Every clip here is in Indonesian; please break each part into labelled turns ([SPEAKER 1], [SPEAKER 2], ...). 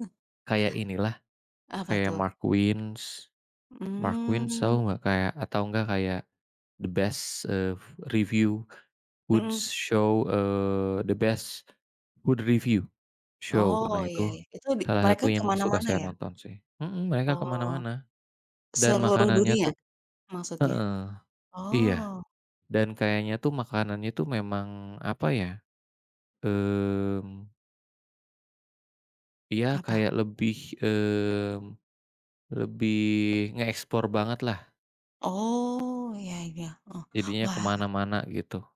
[SPEAKER 1] He
[SPEAKER 2] Kayak inilah,
[SPEAKER 1] Apa
[SPEAKER 2] kayak
[SPEAKER 1] tuh?
[SPEAKER 2] Marquins, Marquins
[SPEAKER 1] Mmm.
[SPEAKER 2] Show nggak kayak atau enggak kayak, the best, eee, review, good
[SPEAKER 1] Mhm.
[SPEAKER 2] show, eee, the best, food review, show
[SPEAKER 1] Oh
[SPEAKER 2] nah
[SPEAKER 1] iya
[SPEAKER 2] itu
[SPEAKER 1] iya itu di
[SPEAKER 2] salah
[SPEAKER 1] mereka
[SPEAKER 2] satu yang suka
[SPEAKER 1] kemana-mana
[SPEAKER 2] saya
[SPEAKER 1] ya?
[SPEAKER 2] nonton sih, mhm, mereka
[SPEAKER 1] Oh,
[SPEAKER 2] kemana-mana, dan
[SPEAKER 1] seluruh
[SPEAKER 2] makanannya
[SPEAKER 1] dunia,
[SPEAKER 2] tuh,
[SPEAKER 1] maksudnya?
[SPEAKER 2] heeh, iya,
[SPEAKER 1] Oh.
[SPEAKER 2] dan kayaknya tuh makanannya itu memang apa ya? Mmm. Iya
[SPEAKER 1] Apa?
[SPEAKER 2] kayak lebih, mmm, lebih ngeeksplor banget lah.
[SPEAKER 1] Oh iya iya oh
[SPEAKER 2] Jadinya
[SPEAKER 1] wah.
[SPEAKER 2] kemana-mana gitu.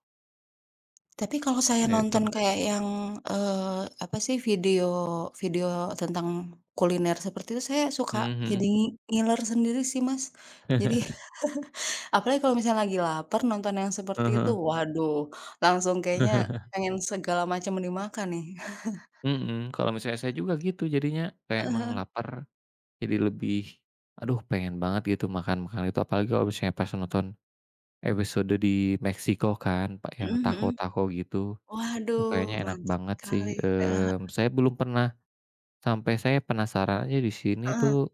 [SPEAKER 1] Tapi kalau saya nonton
[SPEAKER 2] [unintelligible]
[SPEAKER 1] kayak yang, eee, apa sih video video tentang kuliner seperti itu saya suka
[SPEAKER 2] Mmm,
[SPEAKER 1] jadi
[SPEAKER 2] mhm.
[SPEAKER 1] ngi ngiler sendiri sih Mas, jadi apalagi kalau misalnya lagi laper nonton yang seperti
[SPEAKER 2] Heeh
[SPEAKER 1] itu
[SPEAKER 2] heeh.
[SPEAKER 1] waduh langsung kayaknya, pengen segala macem dimakan nih.
[SPEAKER 2] Mhm, kalau misalnya saya juga gitu jadinya kayak
[SPEAKER 1] Heeh
[SPEAKER 2] emang
[SPEAKER 1] heeh.
[SPEAKER 2] lapar, jadi lebih, aduh pengen banget gitu makan-makanan itu apalagi kalau misalnya pas nonton, episode di Meksiko kan, apa
[SPEAKER 1] Mhm
[SPEAKER 2] yang
[SPEAKER 1] mhm,
[SPEAKER 2] taco-taco gitu, duh
[SPEAKER 1] waduh
[SPEAKER 2] kayaknya enak
[SPEAKER 1] mantap
[SPEAKER 2] banget sih,
[SPEAKER 1] sekali, heeh
[SPEAKER 2] mmm,
[SPEAKER 1] heeh.
[SPEAKER 2] saya belum pernah, sampai saya penasarannya di sini
[SPEAKER 1] Heeh.
[SPEAKER 2] tuh,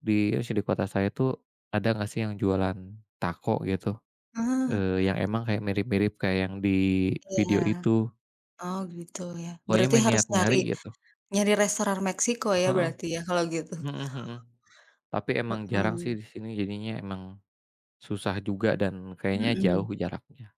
[SPEAKER 2] di [unintelligible] kota saya tuh ada gak sih yang jualan taco gitu?
[SPEAKER 1] Heeh.
[SPEAKER 2] Eee, yang emang kayak mirip-mirip kayak yang di
[SPEAKER 1] Iya,
[SPEAKER 2] video itu.
[SPEAKER 1] oh gitu ya
[SPEAKER 2] Pokoknya
[SPEAKER 1] berarti
[SPEAKER 2] mah
[SPEAKER 1] harus
[SPEAKER 2] niat
[SPEAKER 1] nyari,
[SPEAKER 2] nyari gitu.
[SPEAKER 1] nyari restoran Meksiko ya
[SPEAKER 2] Heeh,
[SPEAKER 1] berarti ya kalau gitu?
[SPEAKER 2] mhm mhm, tapi emang jarang sih
[SPEAKER 1] Heeh.
[SPEAKER 2] di sini jadinya emang, susah juga dan kayaknya
[SPEAKER 1] Mhm.
[SPEAKER 2] jauh jaraknya.